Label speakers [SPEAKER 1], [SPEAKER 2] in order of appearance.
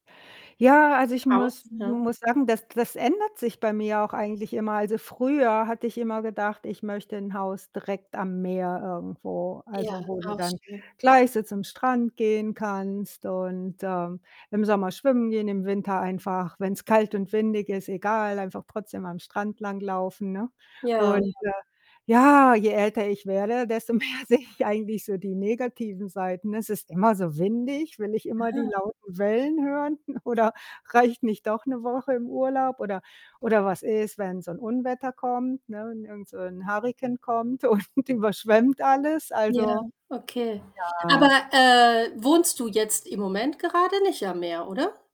[SPEAKER 1] Ja, also, ich muss
[SPEAKER 2] Haus, ja.
[SPEAKER 1] muss sagen, das das ändert sich bei mir auch eigentlich immer. Also, früher hatte ich immer gedacht, ich möchte 'n Haus direkt am Meer irgendwo,
[SPEAKER 2] Ja,
[SPEAKER 1] also, wo du
[SPEAKER 2] auch
[SPEAKER 1] dann
[SPEAKER 2] schön.
[SPEAKER 1] gleich so zum Strand gehen kannst, und, ähm, im Sommer schwimmen gehen, im Winter einfach, wenn's kalt und windig ist, egal einfach trotzdem am Strand langlaufen, ne?
[SPEAKER 2] Ja.
[SPEAKER 1] Und, äh ja, je älter ich werde, desto mehr sehe ich eigentlich so die negativen Seiten. Es ist immer so windig, will ich immer die
[SPEAKER 2] Ah.
[SPEAKER 1] lauten Wellen hören? Oder reicht nicht doch 'ne Woche im Urlaub? Oder oder was ist, wenn so 'n Unwetter kommt, ne? Und irgend so 'n Hurrikan kommt und überschwemmt alles?
[SPEAKER 2] Ja,
[SPEAKER 1] Also
[SPEAKER 2] okay. Aber,
[SPEAKER 1] ja.
[SPEAKER 2] äh, wohnst du jetzt im Moment gerade nicht am Meer, oder?